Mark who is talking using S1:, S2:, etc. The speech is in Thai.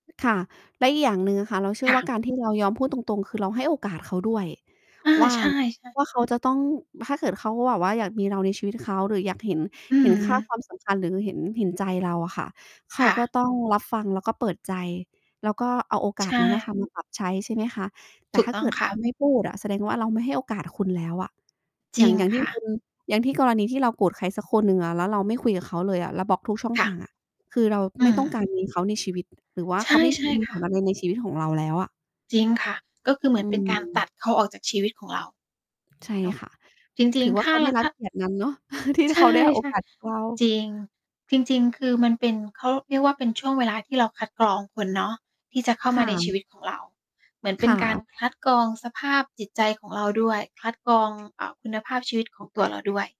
S1: ค่ะ แล้วอีกอย่างหนึ่งอะค่ะ เราเชื่
S2: ค
S1: อ
S2: ่
S1: ว่
S2: ะ
S1: าการ ที่เรา ยอมพูดตรง ๆ คือเราให้โอกาสเขาด้วย
S2: อา
S1: ว่า
S2: ใช่ ๆ
S1: ว่าเขาจะต้อง ถ้าเกิดเขาแบบว่าอยากมีเราในชีวิตเขาหรืออยากเห็น
S2: อื
S1: เห็น ค่า
S2: ม
S1: ความสำคัญหรือเห็น เห็นใจเราอะค่ะ เข
S2: ค
S1: า
S2: ่
S1: ก็
S2: ะ
S1: ต้องรับฟัง แล้วก็เปิดใจ แล้วก็เอาโอก
S2: ใ
S1: า
S2: ช
S1: สนั้นอะค่ะ
S2: ่
S1: มา ปรับใช้ ใช่ไหมคะ แต
S2: ถ
S1: ่
S2: ู
S1: ถ
S2: ก
S1: ้า
S2: ต้
S1: เ
S2: อ
S1: ก
S2: ง
S1: ิด
S2: ค
S1: เร
S2: ่ะ
S1: า ไม่พูดอะ แสดงว่าเราไม่ให้โอกาสคุณแล้วอะ
S2: จ
S1: อย
S2: ร
S1: ่
S2: ิ
S1: าง
S2: ง
S1: อย่างท
S2: ค
S1: ี่
S2: ่
S1: คุ
S2: ะ
S1: ณ อย่างที่กรณีที่เราโกรธใครสักคนหนึ่งอะ แล้วเราไม่คุยกับเขาเลยอะ เราบล๊อกทุกช่อง
S2: ค่
S1: ท
S2: ะ
S1: างอะ คือเรา
S2: อื
S1: ไม่ต้องการ
S2: ม
S1: มี เขาในชีวิต หรือว่า
S2: ใ
S1: เขา ไม่
S2: ช่
S1: มี
S2: ๆ ค
S1: ผ
S2: ่ะ
S1: ลอะไรในชีวิตของเราแล้วอะ
S2: จริง ค่ะ ก็ คือเหม
S1: อ
S2: ือ
S1: ื
S2: นเป็นการต
S1: ม
S2: ัดเขาออกจากชีวิตของเรา
S1: ใช่
S2: เนาะ
S1: ค่ะ
S2: จร
S1: ถ
S2: ิ
S1: ื
S2: ง
S1: อว
S2: ๆ
S1: ่
S2: ถ
S1: าเ
S2: ้
S1: ข
S2: า
S1: าได
S2: ร
S1: ้รั
S2: ถ
S1: บ
S2: ้า
S1: เกียรตินั้นเนาะ ที่
S2: ใช
S1: เข
S2: ่
S1: าได้โอกาสจากเรา
S2: ๆ จริง จริง ๆ คือมันเป็น เขาเรียกว่า เป็นช่วงเวลาที่เราคัดกรองคนเนาะ ที่จะเข้า
S1: ค
S2: มา
S1: ่
S2: ในช
S1: ะ
S2: ีวิตของเรา เหมือนเป
S1: ค
S2: ็น
S1: ่
S2: การ
S1: ะ
S2: คัดกรองสภาพจิตใจของเราด้วย คัด กรอง อา คุณภาพชีวิตของตัว เรา ด้วย